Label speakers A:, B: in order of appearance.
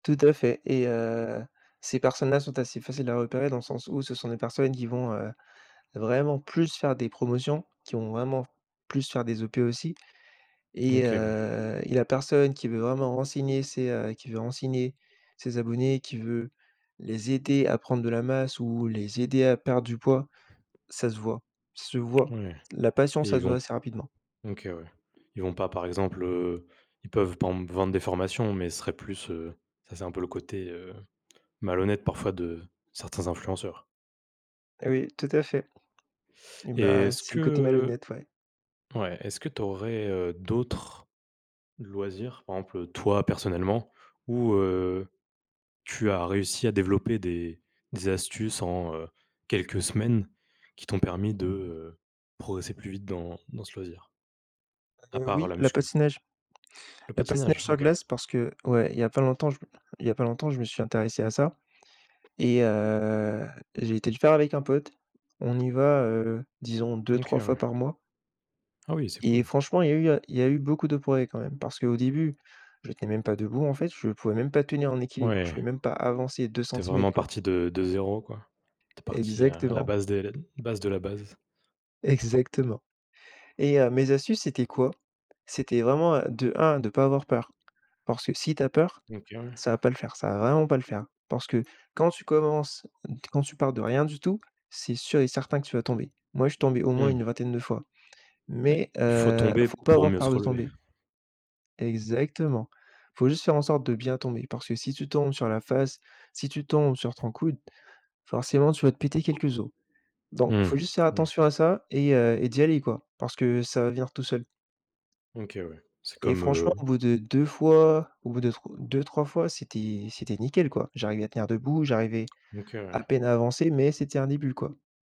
A: Tout à fait et heu, ces personnes-là sont assez faciles à repérer dans le sens où ce sont des personnes qui vont, heu, vraiment plus faire des promotions, qui vont vraiment plus faire des OP aussi et
B: OK, ouais.
A: heu, la personne qui veut vraiment renseigner ses heu, qui veut renseigner ses abonnés, qui veut les aider à prendre de la masse ou les aider à perdre du poids, ça se voit ça se voit,
B: Ouais
A: la passion
B: et
A: ça
B: ils
A: se
B: vont
A: voit assez rapidement.
B: OK, ouais. Ils vont pas, par exemple, heu, ils peuvent, par exemple, vendre des formations, mais ce serait plus, heu, ça c'est un peu le côté, heu, malhonnête parfois de certains influenceurs.
A: Oui tout à fait,
B: Et
A: bah
B: est-ce
A: c'est le côté
B: que,
A: malhonnête ouais.
B: heu ouais, est-ce que tu aurais, heu, d'autres loisirs, par exemple, toi, personnellement, où, heu, tu as réussi à développer des des astuces en, heu, quelques semaines, qui t'ont permis de, heu, progresser plus vite dans dans ce loisir? A
A: Heu,
B: part
A: oui,
B: la
A: la
B: muscu.
A: patinage
B: Le
A: La patinage
B: patinage,
A: sur
B: OK.
A: glace parce que, ouais, il y a pas longtemps je me il y a pas longtemps, je me suis intéressé à ça, et heu, j'ai été le faire avec un pote, on y va, heu, disons
B: OK,
A: 2-3 fois
B: ouais.
A: par mois
B: Ah oui, c'est
A: et
B: cool.
A: franchement, il y a eu il y a eu beaucoup de progrès, quand même, parce qu'au début, j'étais même pas debout, en fait. Je pouvais même pas tenir en équilibre, je
B: Ouais.
A: pouvais même pas avancer deux
B: Tu es vraiment
A: centimètres quoi.
B: parti de de 0 quoi. Tu es parti à la
A: Exactement.
B: base des base de la base.
A: Exactement et heu, mes astuces c'était quoi? C'était vraiment, heu, de 1 de pas avoir peur, parce que si tu as peur,
B: OK, ouais.
A: ça va pas le faire, ça va vraiment pas le faire hein, parce que quand tu commences, quand tu pars de rien du tout, c'est sûr et certain que tu vas tomber. Moi je suis tombé au moins
B: Mmh.
A: une vingtaine de fois,
B: Ouais,
A: mais
B: il faut
A: heu, il
B: tomber,
A: faut pas
B: pour
A: avoir
B: mieux se
A: peur de
B: relever.
A: tomber. Exactement, il faut juste faire en sorte de bien tomber, parce que si tu tombes sur la face, si tu tombes sur ton coude, forcément tu vas te péter quelques os, donc il
B: Mmh,
A: faut juste faire
B: ouais.
A: attention à ça et heu, et d'y aller quoi, parce que ça va venir tout seul
B: OK, ouais, c'est
A: et
B: comme,
A: franchement,
B: heu
A: au bout de 2 fois, au bout de tro 2-3 fois, c'était c'était nickel quoi. J'arrivais à tenir debout, j'arrivais
B: OK
A: à
B: ouais.
A: peine à avancer, mais c'était un début quoi.